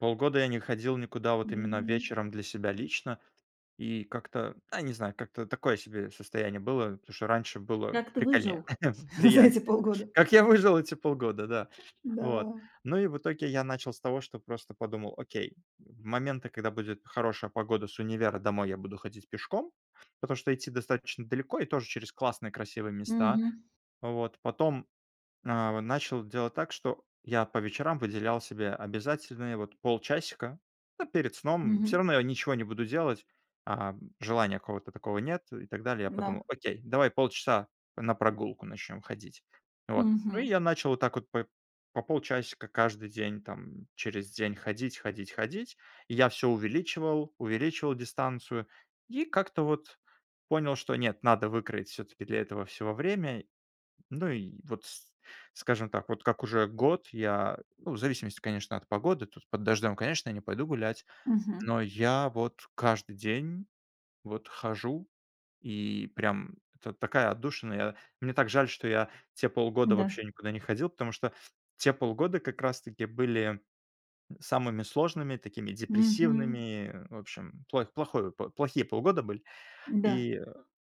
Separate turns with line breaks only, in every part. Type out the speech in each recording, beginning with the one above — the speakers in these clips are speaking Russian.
Полгода я не ходил никуда вот именно
Мгм.
вечером для себя лично. И как-то, а не знаю, как-то такое себе состояние было, потому что раньше было
Как ты
прикольнее,
выжил? За эти
приятнее.
полгода.
Как я выжил эти полгода, да. Вот,
Да.
ну, и в итоге я начал с того, что просто подумал: окей, в моменты, когда будет хорошая погода, с универа домой я буду ходить пешком, потому что идти достаточно далеко и тоже через классные красивые
Мгм.
места. Вот потом, а, в начал делать так, что я по вечерам выделял себе обязательные вот полчасика, ну, перед сном. Всё
Мгм.
равно я ничего не буду делать, а желания какого-то такого нет и так далее. Я
М-да.
подумал: окей, давай полчаса на прогулку начнем ходить. Вот, ну, и
Мгм.
я начал вот так вот по по полчасика каждый день там, через день ходить, ходить, ходить. И я всё увеличивал, увеличивал дистанцию и как-то вот понял, что нет, надо выкроить всё-таки для этого всего время. Ну и вот с скажем так, вот как уже год я, ну, в зависимости, конечно, от погоды, тут под дождём, конечно, я не пойду гулять,
Мгм.
но я вот каждый день вот хожу, и прям это такая отдушина. Я мне так жаль, что я те полгода
Да.
вообще никуда не ходил, потому что те полгода как раз таки были самыми сложными, такими
Мгм.
депрессивными. В общем плойх плохой п плохие полгода были.
Да.
И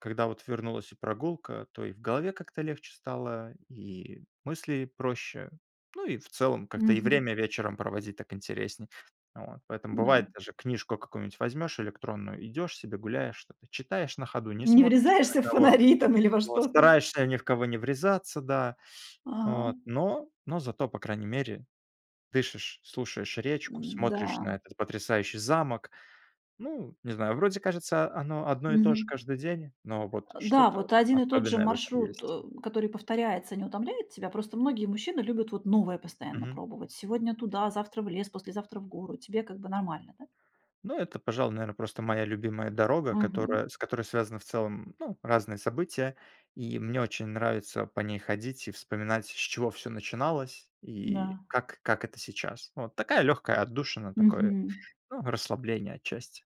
когда вот вернулась и прогулка, то и в голове как-то легче стало, и мысли проще. Ну, и в целом, как-то и
Мгм.
время вечером проводить так интереснее вот. Поэтому, бывает,
М-да.
даже книжку какую-нибудь возьмёшь электронную, идёшь себе, гуляешь, что-то читаешь на ходу, не
Не
смотришь ни на
врезаешься в
кого.
фонари там или во
Вот
что-то?
стараешься ни в кого не врезаться, да. Вот
Ага.
но но зато по крайней мере дышишь, слушаешь речку, смотришь
Н-да.
на этот потрясающий замок. Ну, не знаю, вроде кажется оно одно и то же
Мгм.
каждый день, но вот
Э, да,
что-то
вот один и тот же
особенное в этом
маршрут,
есть.
э, который повторяется, не утомляет тебя? Просто многие мужчины любят вот новое постоянно
Мгм.
пробовать. Сегодня туда, завтра в лес, послезавтра в гору. Тебе как бы нормально, да?
Ну это, пожалуй, наверно, просто моя любимая дорога,
Мгм.
которая с которой связаны в целом, ну, разные события. И мне очень нравится по ней ходить и вспоминать, с чего всё начиналось и
Да.
как как это сейчас. Ну, вот такая легкая отдушина, такое,
Мгм.
ну, расслабление отчасти.